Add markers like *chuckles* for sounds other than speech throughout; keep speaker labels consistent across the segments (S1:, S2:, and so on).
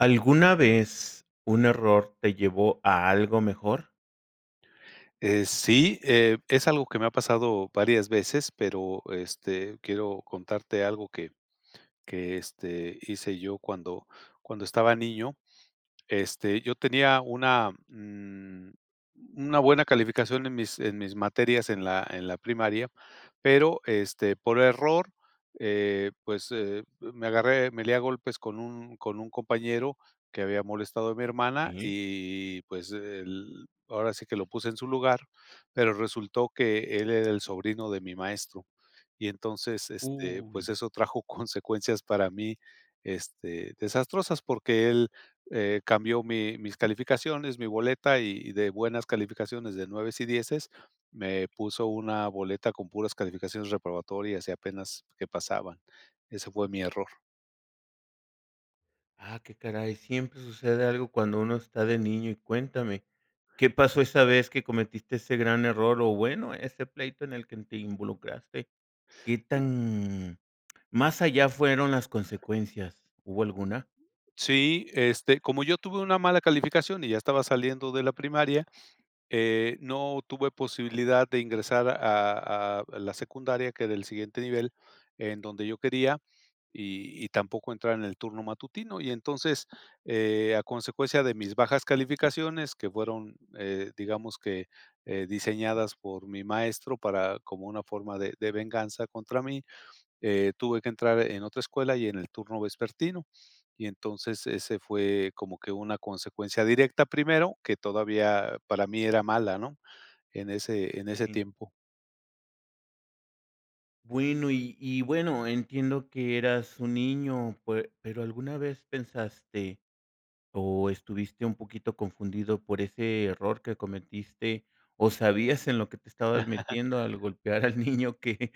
S1: ¿Alguna vez un error te llevó a algo mejor?
S2: Eh, sí, eh, es algo que me ha pasado varias veces, pero, este, quiero contarte algo que que, este, hice yo cuando cuando estaba niño. Este, yo tenía una, mm, una buena calificación en mis en mis materias en la en la primaria, pero, este ,por error, eh, pues me agarré me lié a golpes con un con un compañero que había molestado a mi hermana
S1: Sí.
S2: y pues él ahora sí que lo puse en su lugar, pero resultó que él era el sobrino de mi maestro, y entonces, este, pues,
S1: Uy.
S2: eso trajo consecuencias para mí, este, desastrosas porque él, eh, cambió mi mis calificaciones, mi boleta y y de buenas calificaciones de 9 y 10 me puso una boleta con puras calificaciones reprobatorias y apenas que pasaban. Ese fue mi error.
S1: Ah, qué caray. Siempre sucede algo cuando uno está de niño y cuéntame qué pasó esa vez que cometiste ese gran error o, bueno, este pleito en el que te involucraste. ¿Qué tan más allá fueron las consecuencias? ¿Hubo alguna?
S2: Sí, este, como yo tuve una mala calificación y ya estaba saliendo de la primaria, eh, no tuve posibilidad de ingresar a a la secundaria, que del siguiente nivel en donde yo quería y y tampoco entrar en el turno matutino. Y entonces, eh, a consecuencia de mis bajas calificaciones que fueron, eh, digamos que, eh, diseñadas por mi maestro para como una forma de de venganza contra mí, eh, tuve que entrar en otra escuela y en el turno vespertino. Y entonces, ese fue como que una consecuencia directa primero, que todavía para mí era mala, ¿no?, en ese en ese
S1: Sí.
S2: tiempo.
S1: Bueno, y y bueno, entiendo que eras un niño, pe pero, ¿alguna vez pensaste o estuviste un poquito confundido por ese error que cometiste o sabías en lo que te estabas
S2: *chuckles*
S1: metiendo al golpear al niño que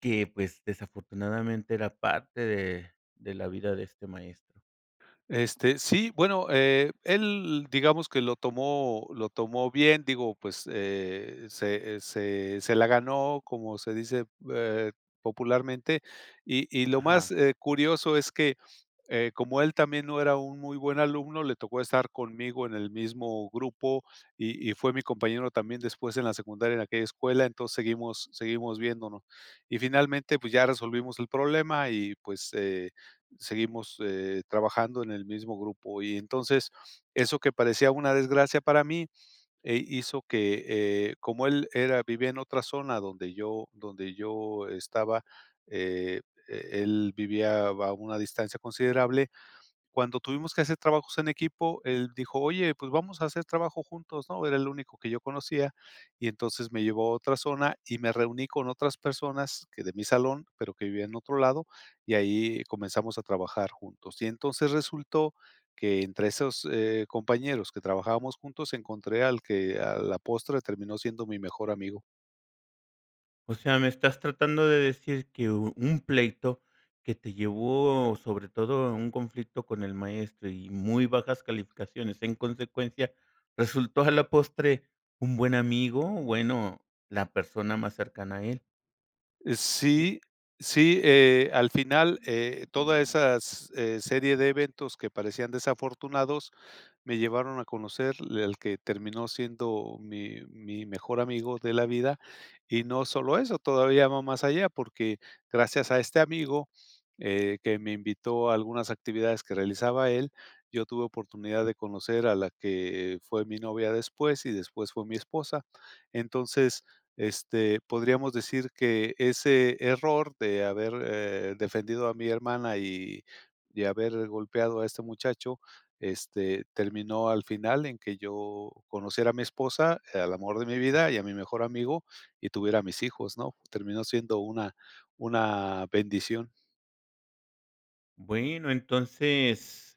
S1: que pues, desafortunadamente era parte de de la vida de este maestro?
S2: Este, sí, bueno, eh, él digamos, que lo tomó lo tomó bien, digo, pues, eh, se, eh, se se la ganó, como se dice, eh, popularmente. Y y, lo
S1: Ajá.
S2: más, eh, curioso es que, eh, como él también no era un muy buen alumno, le tocó estar conmigo en el mismo grupo y y fue mi compañero también después en la secundaria en aquella escuela, entonces seguimos seguimos viéndonos, y finalmente pues, ya resolvimos el problema y pues, eh, seguimos eh, trabajando en el mismo grupo y entonces, eso que parecía una desgracia para mí, eh, hizo que, eh, como él era vivía en otra zona, donde yo donde yo, estaba, eh, e él vivía a va una distancia considerable. Cuando tuvimos que hacer trabajos en equipo, él dijo: "Oye, pues vamos a hacer trabajo juntos, ¿no?" Era el único que yo conocía. Y entonces me llevó a otra zona, y me reuní con otras personas, que de mi salón, pero que vivía en otro lado, y ahí comenzamos a trabajar juntos. Y entonces resultó, que entre esos, eh, compañeros que trabajábamos juntos, encontré al que a la postre, terminó siendo mi mejor amigo.
S1: O sea, ¿me estás tratando de decir que u un pleito que te llevó sobre todo a un conflicto con el maestro y muy bajas calificaciones, en consecuencia, resultó a la postre un buen amigo? O bueno, la persona más cercana a él.
S2: Eh
S1: Sí.
S2: sí, sí, eh, al final, eh, todas esas, eh, serie de eventos que parecían desafortunados, me llevaron a conocer l el que terminó siendo mi mi mejor amigo de la vida. Y no solo eso, todavía va más allá, porque gracias a este amigo, eh, que me invitó a algunas actividades que realizaba él, yo tuve oportunidad de conocer a la que fue mi novia después, y después fue mi esposa. Entonces, este, podríamos decir que ese error de haber, eh, defendido a mi hermana y y de haber golpeado a este muchacho, este, terminó al final en que yo conociera a mi esposa, al amor de mi vida y a mi mejor amigo y tuviera a mis hijos, ¿no?, terminó siendo una una bendición.
S1: Bueno, entonces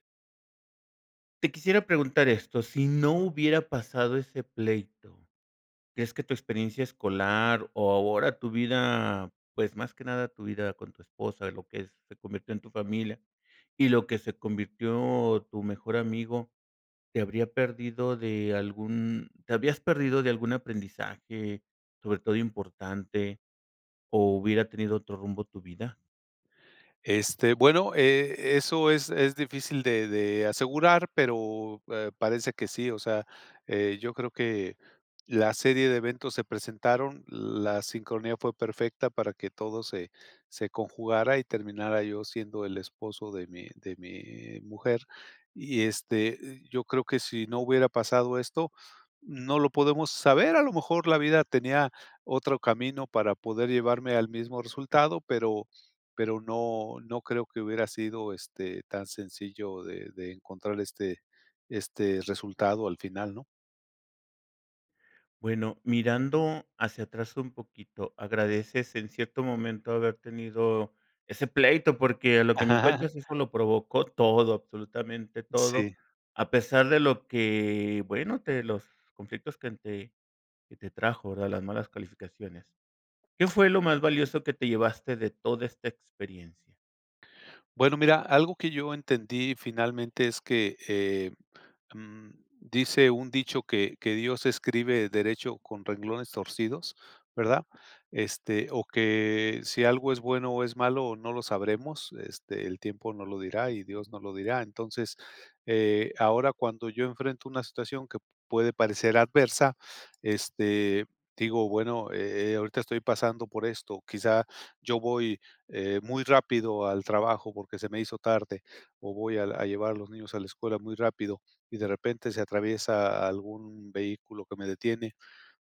S1: te quisiera preguntar esto. Sí no hubiera pasado ese pleito, ¿crees que tu experiencia escolar o ahora tu vida, pues, más que nada tu vida con tu esposa, lo que se convirtió en tu familia, y lo que se convirtió en tu mejor amigo, te habrías perdido de algún te habrías perdido de algún aprendizaje, sobre todo importante, o hubiera tenido otro rumbo tu vida?
S2: Este. Bueno, eh, eso es es, difícil de de, asegurar, pero, eh, parece que sí. O sea, eh, yo creo que, la serie de eventos se presentaron. La sincronía fue perfecta, para que todo se se, conjugara y terminara, yo siendo el esposo de mí de mí mujer. Y, este, yo creo que sí no hubiera pasado esto, no lo podemos saber, a lo mejor la vida tenía, otro camino para poder llevarme al mismo resultado, pero pero, no no creo que hubiera sido, este, tan sencillo de de encontrar, este este resultado al final, ¿no?
S1: Bueno, mirando hacia atrás un poquito, ¿agradeces en cierto momento haber tenido ese pleito? Porque, a
S2: Ah.
S1: lo que me
S2: *chuckles*
S1: cuentas, eso lo provocó todo, absolutamente todo,
S2: Sí.
S1: a pesar de lo que, bueno, de los conflictos que te que te trajo, ¿verdad? Las malas calificaciones, ¿qué fue lo más valioso que te llevaste de toda esta experiencia?
S2: Bueno, mira, algo que yo entendí finalmente es que, em, dice un dicho que que Dios escribe derecho con renglones torcidos, ¿verdad? Este o que si algo es bueno o es malo, no lo sabremos. Este, el tiempo no lo dirá
S1: Sí,
S2: y Dios
S1: claro.
S2: nos lo dirá. Entonces, eh, ahora, cuando yo enfrento una situación que puede parecer adversa, este, digo: "Bueno, eh, ahorita estoy pasando por esto. Quizá yo voy, eh, muy rápido al trabajo, porque se me hizo tarde o voy al a llevar a los niños a la escuela muy rápido y de repente se atraviesa algún vehículo que me detiene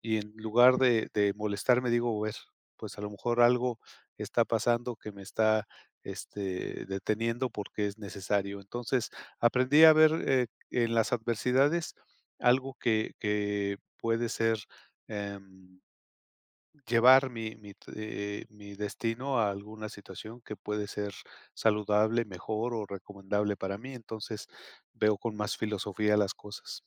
S2: y, en lugar
S1: Ujú.
S2: de de molestarme, digo: "A ver, pues, a lo mejor algo está pasando, que me está, este, deteniendo porque es necesario". Entonces aprendí a ver, eh, en las adversidades algo que que puede ser, em llevar mi mi, t eh eh, mi destino a alguna situación que puede ser saludable, mejor o recomendable para mí. Entonces veo con más filosofía las cosas.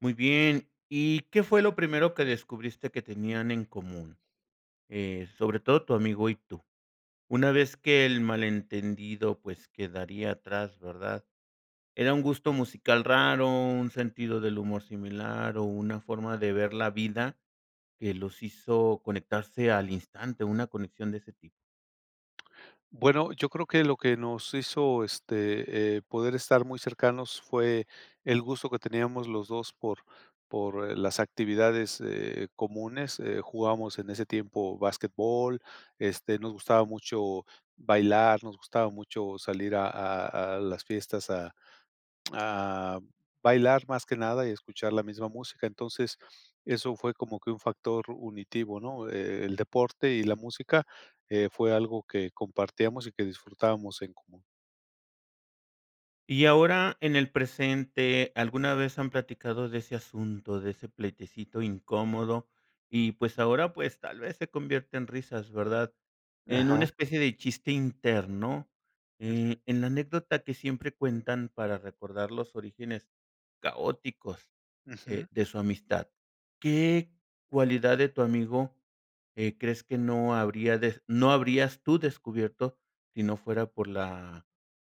S1: Muy bien, ¿y qué fue lo primero que descubriste que tenían en común? Eh, sobre todo tu amigo y tú. Una vez que el malentendido, pues, quedaría atrás, ¿verdad? Era un gusto
S2: Ujú.
S1: musical raro, un sentido del humor similar, o, ¿una forma de ver la vida que los hizo conectarse al instante, una conexión de ese tipo?
S2: Bueno, yo creo que lo que nos hizo, este, eh, poder estar muy cercanos fue el gusto que teníamos los 2, por por, eh, las actividades, eh, comunes. Eh, jugábamos en ese tiempo basquetbol, este, nos gustaba mucho bailar, nos gustaba mucho salir a a a las fiestas a a bailar más que nada y escuchar la misma música. Entonces, eso fue como que un factor unitivo, ¿no? E el deporte y la música, eh, fue algo que compartíamos y que disfrutábamos en común.
S1: Y ahora en el presente, ¿alguna vez han platicado de ese asunto, de ese pleitecito incómodo? Y, pues ahora, pues, tal vez se convierte en risas, ¿verdad? En una
S2: Ajá.
S1: especie de chiste interno,
S2: Ujú.
S1: eh, en la anécdota que siempre cuentan para recordar los orígenes caóticos,
S2: Ujú.
S1: eh, de su amistad, ¿qué cualidad de tu amigo, eh, crees que no habría des no habrías tú descubierto, sí no fuera por la,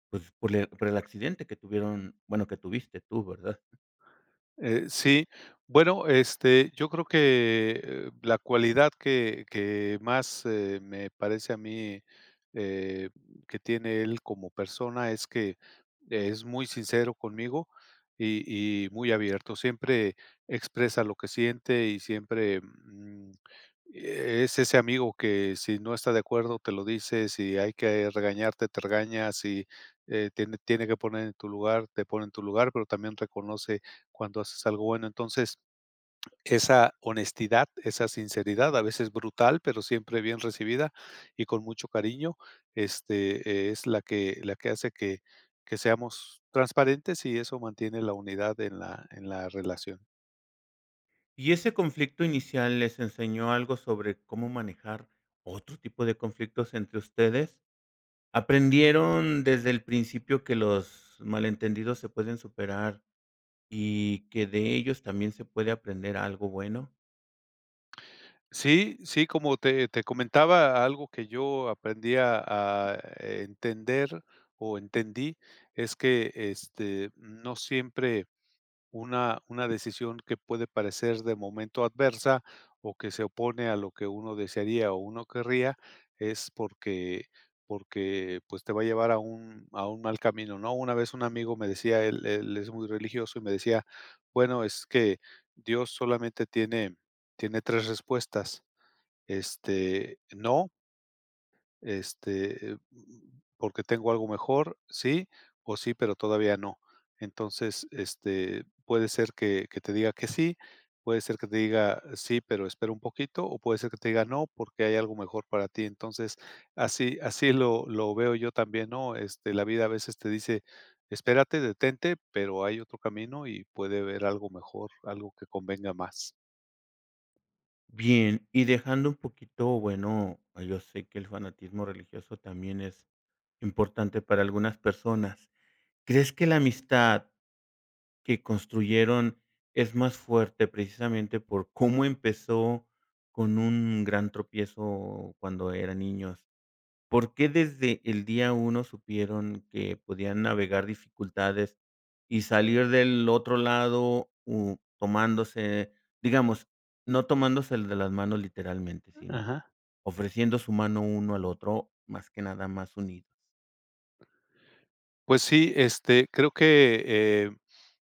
S1: pues, por el accidente que tuvieron, bueno, que tuviste tú, verdad?
S2: Eh, sí, bueno, este, yo creo que, eh, la cualidad que que más, eh, me parece a mí, eh, que tiene él como persona, es que es muy sincero conmigo y y, muy abierto. Siempre expresa lo que siente y siempre, mm, es ese amigo que si no está de acuerdo, te lo dice, si hay que regañarte, te regaña, si, eh, tiene tiene que poner en tu lugar, te pone en tu lugar, pero también reconoce cuando haces algo bueno. Entonces, esa honestidad, esa sinceridad a veces brutal, pero siempre bien recibida y con mucho cariño, este, es la que la que hace que que seamos transparentes y eso mantiene la unidad en la en la relación.
S1: Y ese conflicto inicial, ¿les enseñó algo sobre cómo manejar otro tipo de conflictos entre ustedes? ¿Aprendieron desde el principio que los malentendidos se pueden superar y que de ellos también se puede aprender algo bueno?
S2: Sí sí, como te te comentaba algo que yo aprendí a a entender, o entendí, es que, este, no siempre, una una decisión que puede parecer de momento adversa, o que se opone a lo que uno desearía o uno querría, es porque porque pues, te va a llevar a un a un mal camino, ¿no? Una vez un amigo me decía, él él es muy religioso, y me decía: "Bueno, es que Dios solamente tiene tiene 3, respuestas, este, no" "este, mm, porque tengo algo mejor, sí, o sí, pero todavía no", entonces este, puede ser que que te diga que sí, puede ser que te diga "Sí, pero, espera un poquito" o puede ser que te diga "No, porque, hay algo mejor para ti", entonces así así lo lo veo yo también, ¿no?, este, la vida a veces te dice: "Espérate, detente", pero, hay otro camino y puede haber algo mejor, algo que convenga más.
S1: Bien, y dejando un poquito, bueno, yo sé que el fanatismo religioso también es importante para algunas personas, ¿crees que la amistad que construyeron es más fuerte precisamente por cómo empezó, con un gran tropiezo cuando eran niños? ¿Por qué desde el día 1 supieron que podían navegar dificultades y salir del otro lado, mm, tomándose, digamos, no tomándose el de las manos literalmente, sino
S2: Ajá.
S1: ofreciendo su mano uno al otro, más que nada más unidos?
S2: Pues sí, este, creo que, eh,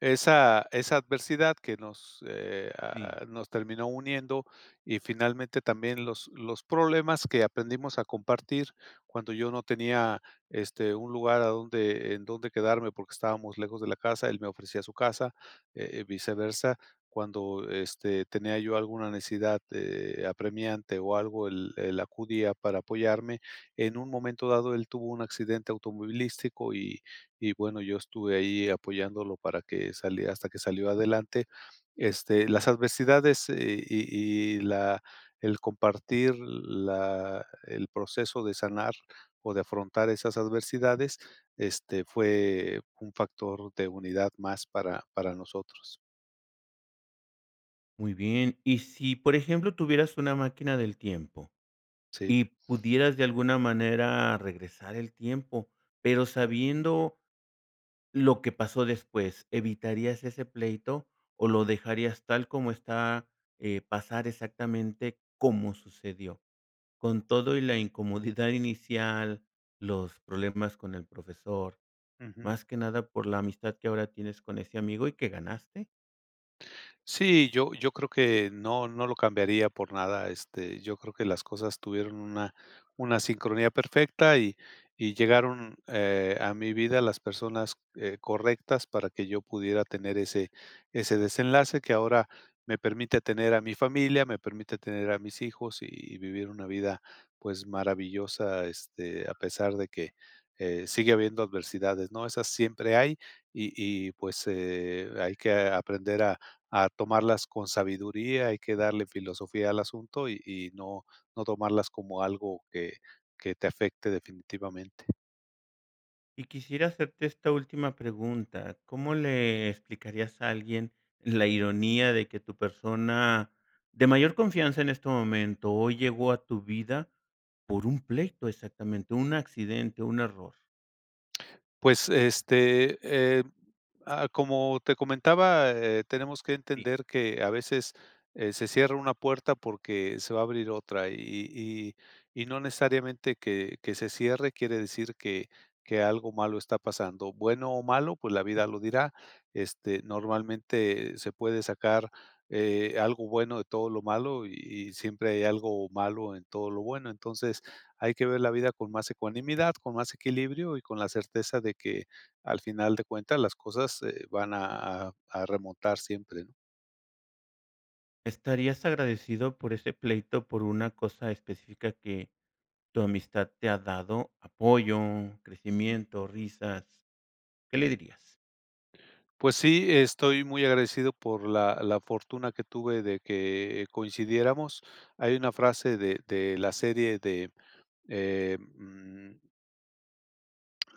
S2: esa esa adversidad que nos, eh,
S1: Sí.
S2: ah, nos terminó uniendo y, finalmente, también los los problemas que aprendimos a compartir cuando yo no tenía, este, un lugar a donde en donde quedarme porque estábamos lejos de la casa, él me ofrecía su casa, eh, y viceversa. Cuando, este, tenía yo alguna necesidad, de apremiante o algo, él él acudía para apoyarme, en un momento dado, él tuvo un accidente automovilístico y y bueno, yo estuve ahí apoyándolo para que salie hasta que salió adelante. Este, las adversidades y y la el compartir la el proceso de sanar o de afrontar esas adversidades, este, fue un factor de unidad más para para nosotros.
S1: Muy bien. Y si, por ejemplo, tuvieras una máquina del tiempo
S2: Sí.
S1: y pudieras de alguna manera regresar el tiempo, pero
S2: Ujú.
S1: sabiendo lo que pasó después, ¿evitarías ese pleito, o lo dejarías tal como está, eh, pasar exactamente como sucedió con todo y la incomodidad inicial, los problemas con el profesor,
S2: Ujú.
S1: más que nada por la amistad que ahora tienes con ese amigo y que ganaste?
S2: Sí, yo yo creo que no no lo cambiaría por nada, este, yo creo que las cosas tuvieron una una sincronía perfecta, y y llegaron, eh, a mi vida las personas, eh, correctas para que yo pudiera tener ese ese desenlace que ahora me permite tener a mi familia, me permite tener a mis hijos y vivir una vida, pues, maravillosa, este, a pesar de que, eh, sigue habiendo adversidades, ¿no? Esas siempre hay, y y pues, eh hay que aprender a a tomarlas con sabiduría, hay que darle filosofía al asunto y y no no tomarlas como algo que que te afecte definitivamente.
S1: Y quisiera hacerte esta última pregunta, ¿cómo le explicarías a alguien la ironía de que tu
S2: Ujú.
S1: persona de mayor confianza en este momento, hoy llegó a tu vida por un pleito, exactamente un accidente, un error?
S2: Pues este, eh, ah, como te comentaba, eh, tenemos que
S1: Sí.
S2: entender que a veces, eh, se cierra una puerta porque se va a abrir otra y y y no necesariamente que que se cierre quiere decir que que algo malo está pasando, bueno o malo, pues, la vida lo dirá, este, normalmente se puede sacar, eh, algo bueno de todo lo malo y y siempre hay algo malo en todo lo bueno, entonces hay que ver la vida con más ecuanimidad, con más equilibrio y con la certeza de que al final de cuentas las cosas, eh, van a a a remontar siempre, ¿no?
S1: Estarías agradecido por ese pleito por una cosa específica que tu amistad te ha dado, apoyo, crecimiento, risas, ¿qué le dirías?
S2: Pues sí, estoy muy agradecido por la la fortuna que tuve de que, eh, coincidiéramos. Hay una frase de de la serie de, em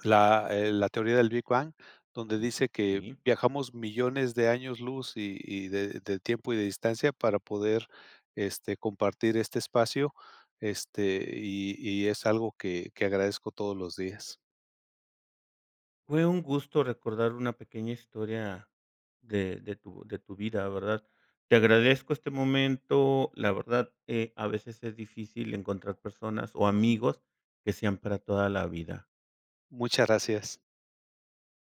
S2: la, eh, La teoría del Big Bang, donde dice que
S1: Sí.
S2: viajamos millones de años luz y y de de tiempo y de distancia para poder, este, compartir, este espacio, este y y es algo que que agradezco todos los días.
S1: Fue un gusto recordar una pequeña historia de de tu de tu vida, ¿verdad? Te agradezco este momento, la verdad, eh, a veces es difícil encontrar personas o amigos que sean para toda la vida.
S2: Muchas gracias.